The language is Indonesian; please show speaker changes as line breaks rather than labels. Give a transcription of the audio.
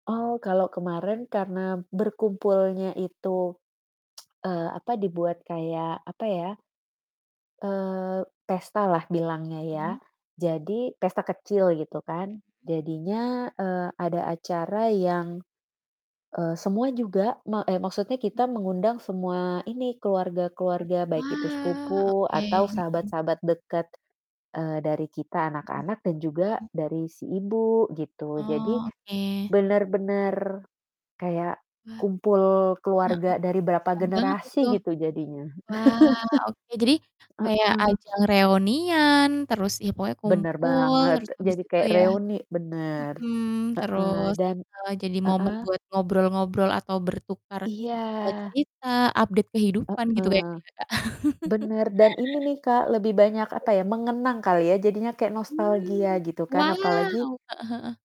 Oh kalau kemarin karena berkumpulnya itu, eee, apa, dibuat kayak apa ya eee, pestalah bilangnya ya.
Mhm.
Jadi pesta kecil gitu kan,
Mhm.
jadinya, eee, ada acara yang, eee, semua juga ma eh maksudnya kita mengundang semua ini keluarga-keluarga baik itu
Wah,
sepupu
oke.
atau
Mhm.
sahabat-sahabat deket, eee, dari kita
Mhm,
anak-anak dan juga
mmm.
dari si ibu gitu. Jadi,
Oh, oke.
bener-bener kayak
Wah. Heeh,
kumpul keluarga dari berapa
kasihan banget itu.
generasi gitu jadinya.
Wah oke, jadi kayak
Heeh.
ajang reunian, terus ya pokoknya
Bener
kumpul,
banget,
terus habis
jadi
itu
kayak
ya
reuni, bener.
mhm,
Heeh,
terus
dan
heeh, jadi momen
heeh?
buat ngobrol-ngobrol atau bertukar, eee,
Iya.
cerita update kehidupan gitu kayaknya
Heeh.
ya Kak.
Bener, dan ini nih Kak, lebih banyak
[unintelligible]
apa ya, mengenang kali ya, jadinya kayak nostalgia
Mmm,
gitu kan.
wow!
Apalagi
Heeh heeh.